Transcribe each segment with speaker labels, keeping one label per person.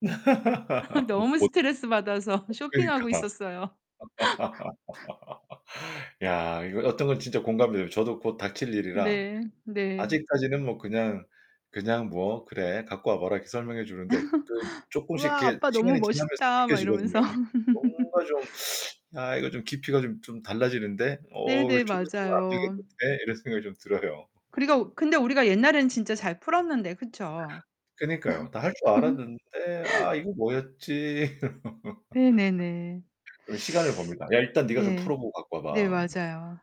Speaker 1: [unintelligible]
Speaker 2: 너무
Speaker 1: 어
Speaker 2: 스트레스 받아서
Speaker 1: 그러니까.
Speaker 2: 쇼핑하고 있었어요.
Speaker 1: 야, 이거 어떤 건 진짜 공감돼요. 저도 곧 닥칠 일이라
Speaker 2: 네. 네.
Speaker 1: 아직까지는 뭐 그냥 그냥 뭐 "그래 갖고 와봐." 이렇게 설명해 주는데 그 쪼끔씩
Speaker 2: "우와,
Speaker 1: 이렇게
Speaker 2: 아빠 너무
Speaker 1: 시간이 지나면서
Speaker 2: 멋있다." 막
Speaker 1: 느껴지거든요.
Speaker 2: 이러면서.
Speaker 1: 뭔가 좀 '아 이거 좀 깊이가 좀 좀 달라지는데? 어
Speaker 2: 네네.
Speaker 1: 좀 있으면 안
Speaker 2: 맞아요.
Speaker 1: 되겠는데?' 이런 생각이 좀 들어요.
Speaker 2: 그리고 근데 우리가 옛날에는 진짜 잘 풀었는데. 그쵸?
Speaker 1: 그니까요. 다 할 줄 알았는데, '아 이거 뭐였지?'
Speaker 2: 네네네.
Speaker 1: 그리고 시간을 법니다. "야, 일단 네가 좀
Speaker 2: 네.
Speaker 1: 풀어보고 갖고 와
Speaker 2: 네
Speaker 1: 봐."
Speaker 2: 맞아요.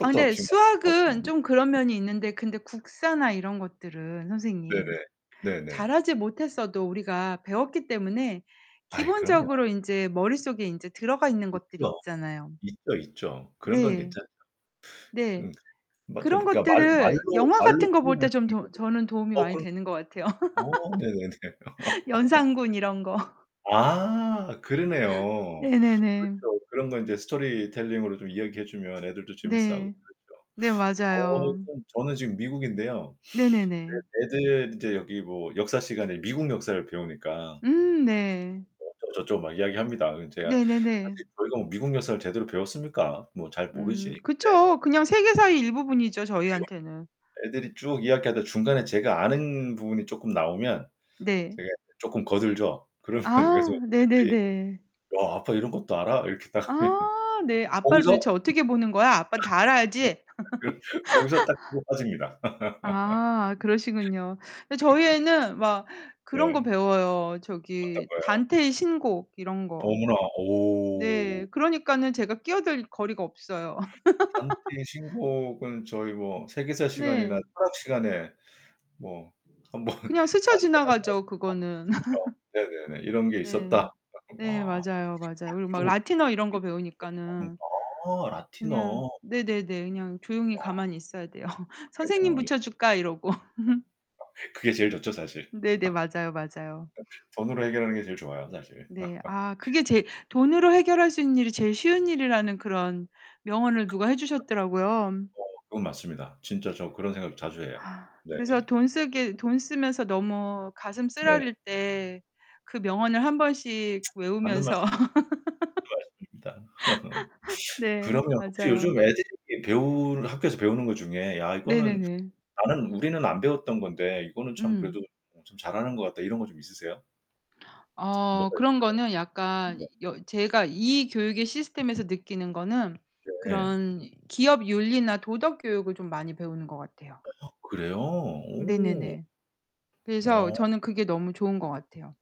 Speaker 2: 아 근데
Speaker 1: 지금
Speaker 2: 수학은 좀 그런 면이 있는데 근데
Speaker 1: [unintelligible]
Speaker 2: 국사나 이런 것들은 선생님,
Speaker 1: 네네. 네네.
Speaker 2: 잘하지 못했어도 우리가 배웠기 때문에
Speaker 1: 아이 그럼요.
Speaker 2: 기본적으로 인제 머릿속에 인제 들어가 있는 것들이
Speaker 1: 있죠.
Speaker 2: 있잖아요.
Speaker 1: 있죠, 있죠. 그런건
Speaker 2: 네.
Speaker 1: 괜찮죠.
Speaker 2: 네.
Speaker 1: 음. 맞아요
Speaker 2: 그런
Speaker 1: 그니까 말
Speaker 2: 것들을
Speaker 1: 말로
Speaker 2: 영화
Speaker 1: 말로
Speaker 2: 같은 거 볼
Speaker 1: 표현할
Speaker 2: 때
Speaker 1: 수
Speaker 2: 좀 도
Speaker 1: 있거든.
Speaker 2: 저는 도움이
Speaker 1: 어
Speaker 2: 많이
Speaker 1: 그럼요.
Speaker 2: 되는 것 같아요.
Speaker 1: 오, 네네네.
Speaker 2: 연산군 이런 거.
Speaker 1: 아, 그러네요.
Speaker 2: 네네네.
Speaker 1: 그렇죠. 그런 거 이제 스토리텔링으로 좀 이야기해 주면 애들도 재밌어하고
Speaker 2: 네.
Speaker 1: 그렇죠.
Speaker 2: 네,
Speaker 1: 어
Speaker 2: 맞아요.
Speaker 1: 좀 저는 지금 미국인데요. 그
Speaker 2: 네네네.
Speaker 1: 애들 이제 여기 뭐 역사 시간에 미국 역사를 배우니까
Speaker 2: 음, 네.
Speaker 1: 뭐 어쩌고 저쩌고 막 이야기합니다. 근데 제가
Speaker 2: 네네네.
Speaker 1: 사실 저희가 뭐 미국 역사를 제대로 배웠습니까? 뭐 잘
Speaker 2: 음
Speaker 1: 모르지. 근데
Speaker 2: 그쵸. 그냥 세계사의 일부분이죠.
Speaker 1: 그
Speaker 2: 저희한테는.
Speaker 1: 애들이 쭉 이야기하다가 중간에 제가 아는 부분이 쪼끔 나오면
Speaker 2: 네.
Speaker 1: 제가 쪼끔 거들죠. 그러면 그래서
Speaker 2: 아,
Speaker 1: 애들이
Speaker 2: 네네네.
Speaker 1: "야, 아빠 이런 것도 알아?" 이렇게 딱 하면
Speaker 2: 아 네. "아빠를
Speaker 1: 거기서
Speaker 2: 도대체 어떻게 보는 거야? 아빠는 다
Speaker 1: 어
Speaker 2: 알아야지."
Speaker 1: 그 거기서 딱 치고 빠집니다.
Speaker 2: 아 그러시군요. 근데 저희
Speaker 1: 네.
Speaker 2: 애는 막 그런 거
Speaker 1: 네.
Speaker 2: 배워요.
Speaker 1: 어떤
Speaker 2: 저기
Speaker 1: 거요?
Speaker 2: 단테의 신곡 이런 거.
Speaker 1: 어머나,
Speaker 2: 네.
Speaker 1: 오.
Speaker 2: 그러니까는 제가 끼어들 거리가 없어요.
Speaker 1: 단테의 신곡은 저희 뭐 세계사 시간이나
Speaker 2: 네.
Speaker 1: 철학 시간에 뭐 1 번 단테란
Speaker 2: 그냥 스쳐
Speaker 1: 사람
Speaker 2: 지나가죠, 그거는.
Speaker 1: [unintelligible] 네네네. 이런 게
Speaker 2: 네.
Speaker 1: 있었다. [unintelligible]
Speaker 2: 네,
Speaker 1: 아
Speaker 2: 맞아요. 맞아요. 그리고 막 라틴어 이런 거 배우니까는. 그냥
Speaker 1: 라틴어.
Speaker 2: 네네네. 그냥 조용히
Speaker 1: 야.
Speaker 2: 가만히 있어야 돼요. 선생님
Speaker 1: 그렇겠네요. 이
Speaker 2: 붙여줄까? 이러고.
Speaker 1: [unintelligible] 그게 제일 좋죠, 사실.
Speaker 2: 네네 맞아요. 맞아요.
Speaker 1: 돈으로 해결하는 게 제일 좋아요, 사실.
Speaker 2: 네. 아, 그게 제일 돈으로 해결할 수 있는 일이 제일 쉬운 일이라는 그런 명언을
Speaker 1: 그게
Speaker 2: 누가 해 주셨더라고요.
Speaker 1: 뭐죠? 어, 그건 맞습니다. 진짜 저 그런 생각 자주 해요.
Speaker 2: 그래서
Speaker 1: 네네.
Speaker 2: 돈 쓰게 돈 쓰면서 너무 가슴
Speaker 1: 네.
Speaker 2: 쓰라릴 때 그 명언을 1 번씩
Speaker 1: 맞는 말씀.
Speaker 2: 외우면서
Speaker 1: 맞습니다.
Speaker 2: 네,
Speaker 1: 그러면 혹시 요즘
Speaker 2: 맞아요.
Speaker 1: 애들이 배우는 학교에서 배우는 것 중에 '야, 이거는
Speaker 2: 네네네.
Speaker 1: 나는 우리는 안 배웠던 건데 이거는 참
Speaker 2: 응.
Speaker 1: 그래도 좀 잘하는 것 같다.' 이런 거 좀 있으세요?
Speaker 2: 어
Speaker 1: 뭐가
Speaker 2: 그런 거는 약간
Speaker 1: 있을까요? 네.
Speaker 2: 여 제가 이 교육의 시스템에서 느끼는 거는
Speaker 1: 네.
Speaker 2: 그런 기업 윤리나 도덕 교육을 좀 많이 배우는 것 같아요.
Speaker 1: 아 그래요? 오.
Speaker 2: 네네네. 그래서
Speaker 1: 어.
Speaker 2: 저는 그게 너무 좋은 것 같아요.